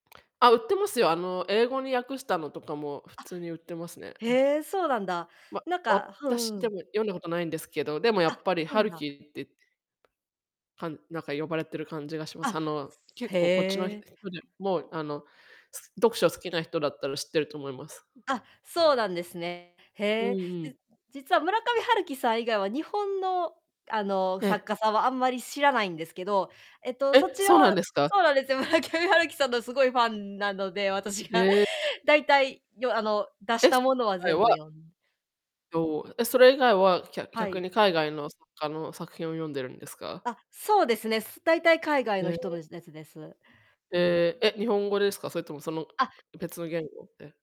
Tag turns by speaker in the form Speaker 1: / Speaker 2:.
Speaker 1: あ、売ってますよ。あの、英語に訳したのとかも普
Speaker 2: あ、
Speaker 1: 通に売ってますね。うん。
Speaker 2: へえ、そうなんだ。
Speaker 1: ま、
Speaker 2: なんかふ
Speaker 1: 私、
Speaker 2: ん、う
Speaker 1: で
Speaker 2: ん。
Speaker 1: も読んだことないんですけど、でもや
Speaker 2: あ、
Speaker 1: っぱり
Speaker 2: そ
Speaker 1: ハ
Speaker 2: ん
Speaker 1: ル
Speaker 2: だ。
Speaker 1: キってかんなんか、呼ばれてる感じがします。
Speaker 2: あ、
Speaker 1: あの、結
Speaker 2: へ
Speaker 1: 構こっちのひ
Speaker 2: え。
Speaker 1: 人でも、あの、す読書好きな人だったら知ってると思います。うん。
Speaker 2: あ、そうなんですね。
Speaker 1: う
Speaker 2: へえ。
Speaker 1: んう
Speaker 2: じ
Speaker 1: ん。
Speaker 2: 実は村上春樹さん以外は日本の、あの、
Speaker 1: え
Speaker 2: 作
Speaker 1: え。
Speaker 2: 家さんはあんまり知らないんですけど、えっと、そ
Speaker 1: え、
Speaker 2: ちら
Speaker 1: そうなん
Speaker 2: は
Speaker 1: ですか？
Speaker 2: そうなんですよ、村上春樹さんのすごいファンなので、私が。
Speaker 1: ええ、うん。
Speaker 2: 大体よあの、出し
Speaker 1: で
Speaker 2: た
Speaker 1: す。
Speaker 2: ものは
Speaker 1: あい
Speaker 2: 全部
Speaker 1: は
Speaker 2: 読ん
Speaker 1: と、え、それ以外は、きゃ
Speaker 2: は
Speaker 1: 逆
Speaker 2: い。
Speaker 1: に海外の作家の作品を読んでるんですか？
Speaker 2: あ、そうですね。す大体海外の
Speaker 1: へえ。
Speaker 2: 人のやつです。
Speaker 1: へえ。え、日本語ですか？それともその、く
Speaker 2: あ。
Speaker 1: く別の言語で。